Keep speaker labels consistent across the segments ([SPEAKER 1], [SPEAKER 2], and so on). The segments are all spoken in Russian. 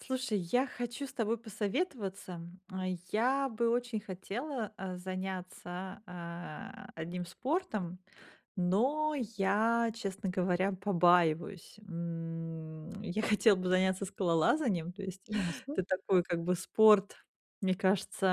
[SPEAKER 1] Слушай, я хочу с тобой посоветоваться. Я бы очень хотела, э, заняться, э, одним спортом, но я, честно говоря, побаиваюсь. М, я хотела бы заняться скалолазанием, то есть
[SPEAKER 2] Ясно.
[SPEAKER 1] это такой, как бы, спорт, мне кажется,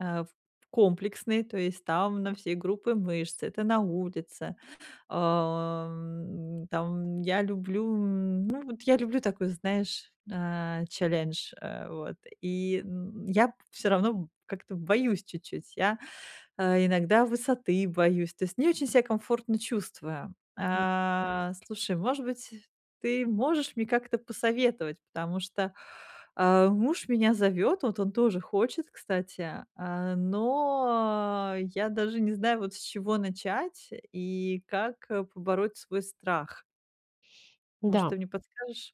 [SPEAKER 1] эм, э, комплексный, то есть там на все группы мышц, это на улице. А, м, там, я люблю, м, ну, вот я люблю такой, знаешь, э, челлендж, э, вот. И, м, я всё равно как-то боюсь чуть-чуть, я, э, иногда высоты боюсь, то есть не очень ся комфортно чувствую.
[SPEAKER 2] Я п
[SPEAKER 1] А, слушай, может быть, ты можешь мне как-то посоветовать, потому что, э, муж меня зовёт, вот он тоже хочет, кстати, э, но, я даже не знаю, вот, с чего начать и как побороть свой страх. Может,
[SPEAKER 2] Да.
[SPEAKER 1] ты мне подскажешь?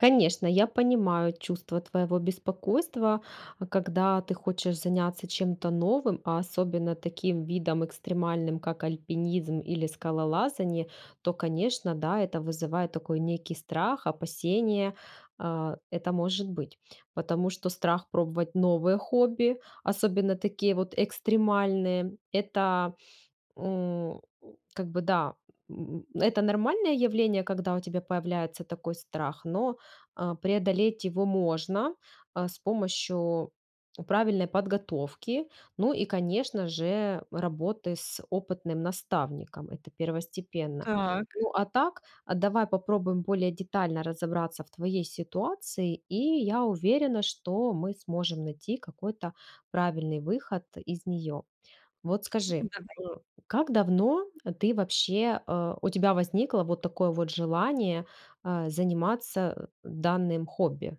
[SPEAKER 2] Конечно, я понимаю чувство твоего беспокойства, э, когда ты хочешь заняться чем-то новым, а особенно таким видом экстремальным, как альпинизм или скалолазание, то, конечно, да, это вызывает такой некий страх, опасение, а, это может быть. Потому что страх пробовать новое хобби, особенно такие вот экстремальные- это, м, как бы, да, м, это нормальное явление, когда у тебя появляется такой страх, но, э, преодолеть его можно, э, с помощью правильной подготовки, ну, и конечно же, работы с опытным наставником- это первостепенно.
[SPEAKER 1] Так.
[SPEAKER 2] Ну, а так, а давай попробуем более детально разобраться в твоей ситуации, и я уверена, что мы сможем найти какой-то правильный выход из нее. Вот
[SPEAKER 1] М,
[SPEAKER 2] скажи,
[SPEAKER 1] давай.
[SPEAKER 2] м, как давно ты, вообще, э, у тебя возникло вот такое вот желание, э, заниматься, э, данным хобби?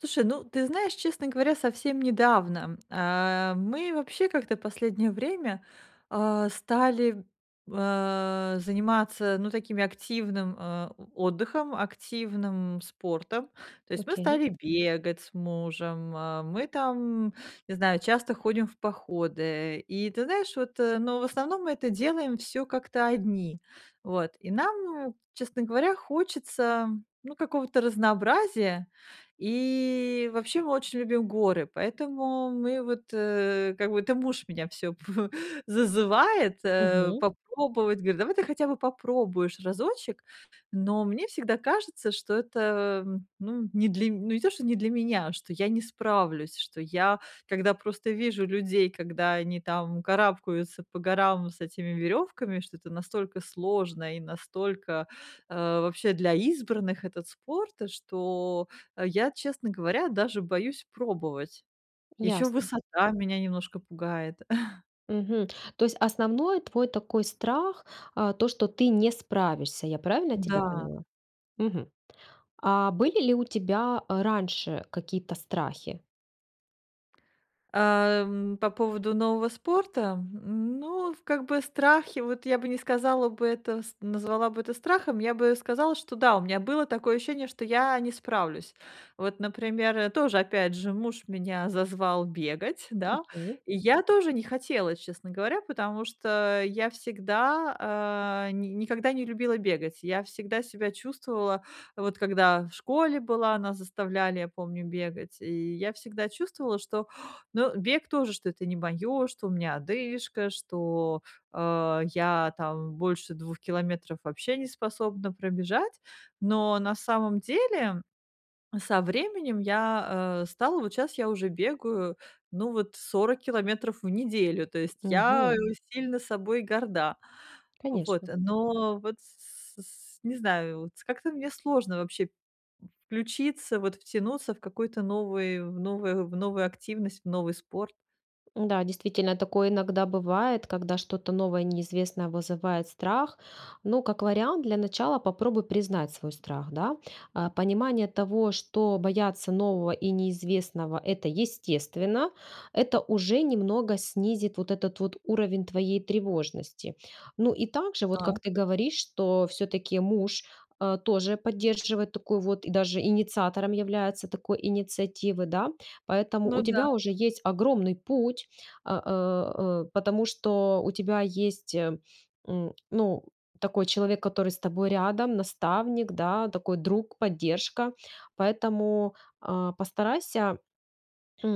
[SPEAKER 1] Слушай, ну, ты знаешь, честно говоря, совсем недавно, э, мы вообще как-то последнее время, а, стали, э, заниматься, ну, такими, активным, э, о отдыхом, активным спортом. То есть, мы
[SPEAKER 2] Окей.
[SPEAKER 1] стали бегать с мужем, э, мы там, не знаю, часто ходим в походы. И ты знаешь, вот, но в основном мы это делаем всё как-то одни, вот. И нам, м, честно говоря, хочется, ну, какого-то разнообразия, и вообще мы очень любим горы, поэтому мы, вот, э, как бы это муж меня всё зазывает, э,
[SPEAKER 2] Мгм.
[SPEAKER 1] попробовать, говорит: "Давай ты хотя бы попробуешь разочек." Но мне всегда кажется, что это, э, ну, не для м ну, не то, что не для меня, что я не справлюсь, что я, когда просто вижу людей, когда они там карабкаются по горам с этими веревками, что это настолько сложно и настолько, э, вообще, для избранных этот спорт, что я, честно говоря, даже боюсь пробовать. Еще
[SPEAKER 2] Ясно.
[SPEAKER 1] высота меня немножко пугает.
[SPEAKER 2] Мгм. То есть основной твой такой страх, э, то что ты не справишься, я правильно тебя
[SPEAKER 1] Да.
[SPEAKER 2] поняла? Мгм. А были ли у тебя, э, раньше какие-то страхи?
[SPEAKER 1] Э, м, по поводу нового спорта. Ну, в как бы страхи, вот я бы не сказала бы, это с назвала бы это страхом, я бы сказала, что да, у меня было такое ощущение, что я не справлюсь. Вот, например, то же, опять же, муж меня зазвал бегать, да.
[SPEAKER 2] Окей.
[SPEAKER 1] И я тоже не хотела, честно говоря, потому что я всегда, э, ни никогда не любила бегать, я всегда себя чувствовала, вот когда в школе была, нас заставляли, я помню, бегать. И я всегда чувствовала, что, ну, бег тоже, что это не моё, что у меня одышка, что, э, я там больше 2 километров вообще неспособна пробежать. Но на самом деле со временем я, э, стала вот щас я уже бегаю, ну вот 40 километров в неделю, то есть я
[SPEAKER 2] Мгм.
[SPEAKER 1] сильно собой горда. Вот,
[SPEAKER 2] Конечно.
[SPEAKER 1] но вот, с с с не знаю, вот как-то мне сложно вообще включиться, вот, втянуться в какую-то новый в новую в новую активность, в новый спорт.
[SPEAKER 2] Да, действительно, такое иногда бывает, когда что-то новое и неизвестное вызывает страх. Ну, как вариант, для начала попробуй признать свой страх, да. Э, понимание того, что бояться нового и неизвестного- это естественно, это уже немного снизит вот этот вот уровень твоей тревожности. Ну, и также, вот как
[SPEAKER 1] Так.
[SPEAKER 2] ты говоришь, что всё-таки муж, э, тоже поддерживает такую вот и даже инициатором является такой инициативы, да, поэтому
[SPEAKER 1] Ну
[SPEAKER 2] у
[SPEAKER 1] да.
[SPEAKER 2] тебя уже есть огромный путь, э э э, потому что у тебя есть, м, ну, такой человек, который с тобой рядом, наставник, да, такой друг, поддержка. Поэтому, а, постарайся,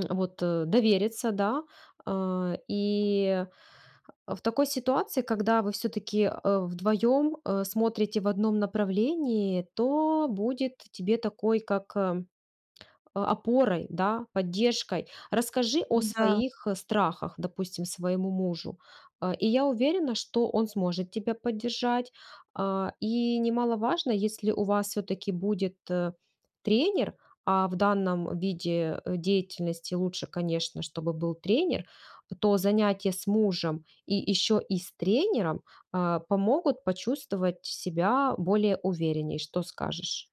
[SPEAKER 2] вот, довериться, да, э, и в такой ситуации, когда вы всё-таки, э, вдвоем, э, смотрите в одном направлении, то будет тебе такой как, э, опорой, да, поддержкой. Расскажи
[SPEAKER 1] Ну
[SPEAKER 2] о
[SPEAKER 1] да.
[SPEAKER 2] своих страхах, допустим, своему мужу, э, и я уверена, что он сможет тебя поддержать, э, и немаловажно, если у вас всё-таки будет тренер, а, в данном виде деятельности лучше, конечно, чтобы был тренер, то занятия с мужем и еще и с тренером, э, помогут почувствовать себя более уверенней. Что скажешь?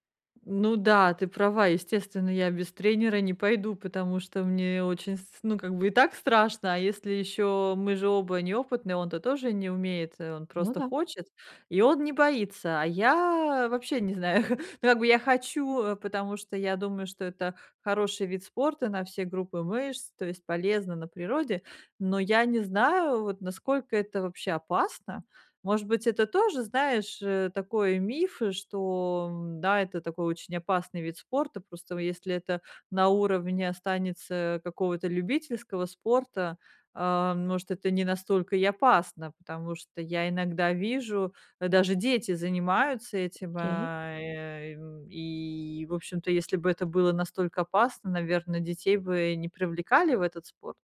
[SPEAKER 1] Ну да, ты права, естественно, я без тренера не пойду, потому что мне очень с ну, как бы и так страшно, а если ещё мы же оба неопытные, он-то тоже не умеет, он
[SPEAKER 2] Ну
[SPEAKER 1] просто
[SPEAKER 2] да.
[SPEAKER 1] хочет и он не боится. А я вообще не знаю. Ну как бы я хочу, потому что я думаю, что это хороший вид спорта на все группы мышц, то есть полезно, на природе. Но я не знаю вот насколько это вообще опасно? Может быть, это тоже, знаешь, э, такой миф что, м, да, это такой очень опасный вид спорта. Просто, если это на уровне останется какого-то любительского спорта, э, может, это не настолько и опасно, потому что я иногда вижу, даже дети занимаются этим, э.
[SPEAKER 2] Окей.
[SPEAKER 1] А, и, м, и, в общем-то, если б это было настолько опасно, наверно, детей бы не привлекали в этот спорт?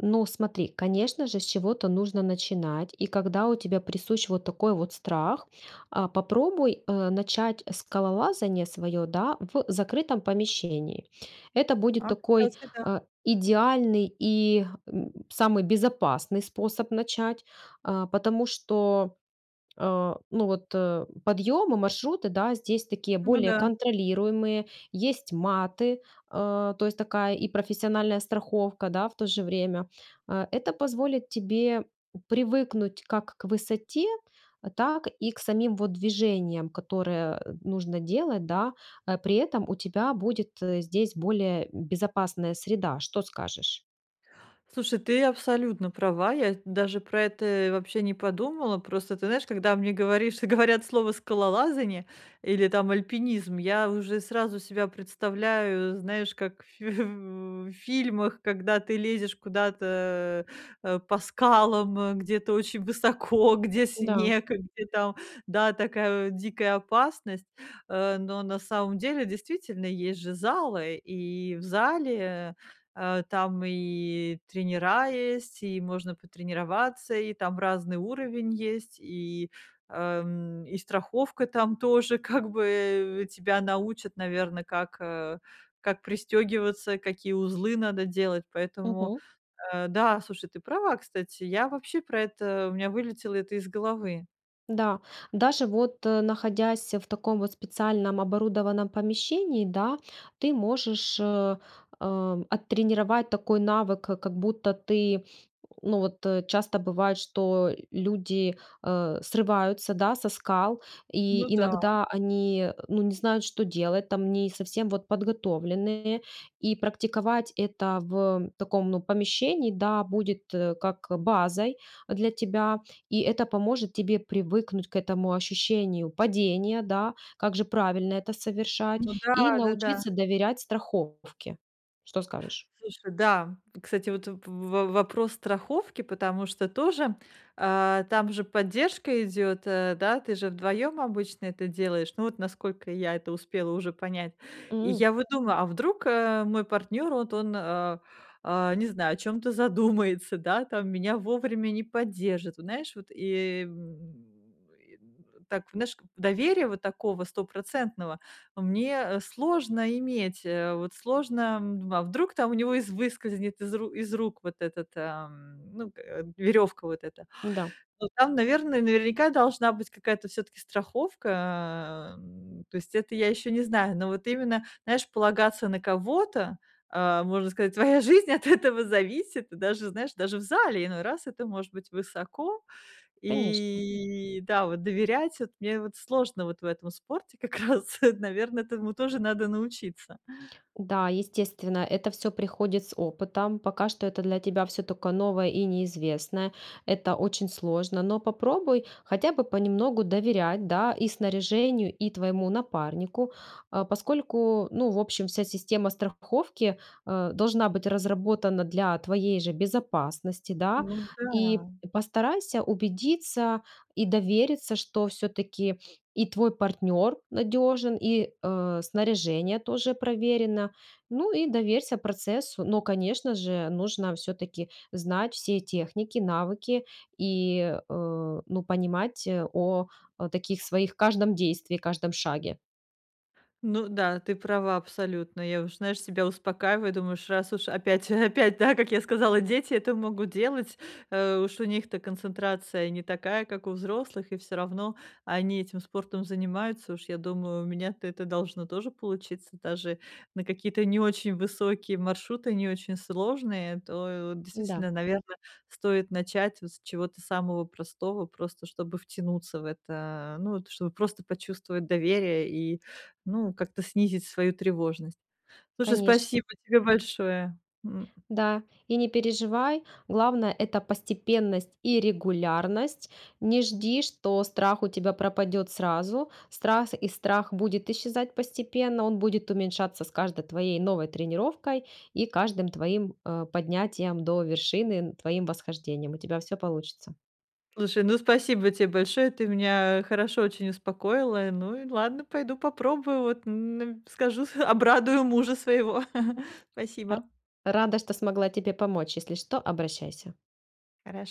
[SPEAKER 2] Ну, смотри, конечно же, с чего-то нужно начинать, и, когда у тебя присущ вот такой вот страх, э, попробуй, э, начать скалолазание своё, да, в закрытом помещении. Это будет
[SPEAKER 1] А
[SPEAKER 2] такой,
[SPEAKER 1] кстати, да.
[SPEAKER 2] э, идеальный и, м, самый безопасный способ начать, э, потому что, э, ну, вот подъемы, маршруты, да, здесь такие
[SPEAKER 1] Ну
[SPEAKER 2] более
[SPEAKER 1] да.
[SPEAKER 2] контролируемые, есть маты, э, то есть такая и профессиональная страховка, да, в то же время. Э, это позволит тебе привыкнуть как к высоте, так и к самим вот движениям, которые, э, нужно делать, да, при этом у тебя будет здесь более безопасная среда. Что скажешь?
[SPEAKER 1] Слушай, ты абсолютно права. Я ведь даже про это и вообще не подумала. Просто ты знаешь, когда мне, говоришь говорят слово "скалолазание" или, там, "альпинизм", я уже сразу себя представляю, знаешь, как в ф в в фильмах, когда ты лезешь куда-то, э, по скалам, где-то очень высоко, где
[SPEAKER 2] Да.
[SPEAKER 1] снег, где, там, да, такая, э, дикая опасность. Э, но на самом деле, действительно, есть же залы, и в зале, э, а, там, и тренера есть, и можно потренироваться, и там разный уровень есть, и э, м, и страховка, там, тоже, как бы, э. Тебя научат, наверно, как, э, как пристегиваться, какие узлы надо делать, поэтому,
[SPEAKER 2] Мгм.
[SPEAKER 1] э, да, слушай, ты права, кстати, я вообще про это у меня вылетело это из головы.
[SPEAKER 2] Да, даже, вот, э, находясь в таком, вот, специальном, оборудованном помещении, да, ты можешь, э, оттренировать такой навык, как как будто ты, ну, вот, э, часто бывает, что люди, э, срываются, да, со скал
[SPEAKER 1] Ну
[SPEAKER 2] и
[SPEAKER 1] да.
[SPEAKER 2] иногда они, ну, не знают, что делать, там, не совсем, вот, подготовленные. И практиковать это в таком, ну, помещении, да, будет, э, как базой для тебя, и это поможет тебе привыкнуть к этому ощущению падения, да, как же правильно это совершать,
[SPEAKER 1] Ну да,
[SPEAKER 2] и
[SPEAKER 1] да-да.
[SPEAKER 2] научиться доверять страховке. Что скажешь?
[SPEAKER 1] Слушай, да. Кстати, вот в в вопрос страховки, потому что тоже, а, там же поддержка идет, э, да, ты же 2 обычно это делаешь, ну, вот, насколько я это успела уже понять. И
[SPEAKER 2] М.
[SPEAKER 1] я вот думаю, а вдруг, э, мой партнёр, вот он, а, не знаю, о чём-то задумается, да, там меня вовремя не поддержит, вот, знаешь, вот, и, м, и, м, так, наш доверия, вот такого, стопроцентного, мне сложно иметь, э, вот сложно, м. А вдруг там у него из выскользнет из ру из рук, вот, этот, а, м, ну, к веревка, вот эта?
[SPEAKER 2] Да.
[SPEAKER 1] Ой! Там, наверное, наверняка, должна быть какая-то всё-таки страховка, а, м, то есть это я ещё не знаю, но вот именно, знаешь, полагаться на кого-то, а, можно сказать, твоя жизнь от этого зависит, и даже, знаешь, даже в зале, иной раз это может быть высоко.
[SPEAKER 2] Конечно.
[SPEAKER 1] И да, вот, доверять, вот мне вот сложно, вот, в этом спорте, как раз, наверно, этому тоже надо научиться.
[SPEAKER 2] Да, естественно, это всё приходит с опытом. Пока что это для тебя всё только новое и неизвестное, это очень сложно, но попробуй хотя бы понемногу доверять, да, и снаряжению, и твоему напарнику, э, поскольку, ну, в общем, вся система страховки, э, должна быть разработана для твоей же безопасности, да.
[SPEAKER 1] Ну
[SPEAKER 2] И
[SPEAKER 1] да.
[SPEAKER 2] постарайся убедиться и довериться, что всё-таки и твой партнер надежен, и, э, снаряжение тоже проверено. Ну и доверься процессу. Но, конечно же, нужно всё-таки знать все техники, навыки и, э, ну, понимать о таких своих каждом действии, каждом шаге.
[SPEAKER 1] Ну да, ты права абсолютно. Я уж, знаешь, себя успокаиваю, думаю, уж раз уж опять опять, да, как я сказала, дети это могут делать, э, уж у них-то концентрация не такая, как у взрослых, и всё равно они этим спортом занимаются. Уж я думаю, у меня-то это должно тоже получиться, даже на какие-то не очень высокие маршруты, не очень сложные, то вот
[SPEAKER 2] Да.
[SPEAKER 1] действительно, наверно, стоит начать вот с чего-то самого простого, просто чтобы втянуться в это. Э, ну, вот чтобы просто почувствовать доверие и, ну, как-то снизить свою тревожность. Слушай,
[SPEAKER 2] Конечно.
[SPEAKER 1] спасибо тебе большое, м.
[SPEAKER 2] Да, и не переживай, главное- это постепенность и регулярность. Не жди, что страх у тебя пропадет сразу. Страс и страх будет исчезать постепенно, он будет уменьшаться с каждой твоей новой тренировкой и каждым твоим, э, поднятием до вершины, н твоим восхождением. У тебя всё получится.
[SPEAKER 1] Слушай, ну, спасибо те большое, ты меня хорошо очень успокоила. Ну и ладно, пойду попробую вот, н скажу обрадую мужа своего.
[SPEAKER 2] Ар
[SPEAKER 1] Спасибо.
[SPEAKER 2] Рада, что смогла тебе помочь. Если что, обращайся.
[SPEAKER 1] Хорош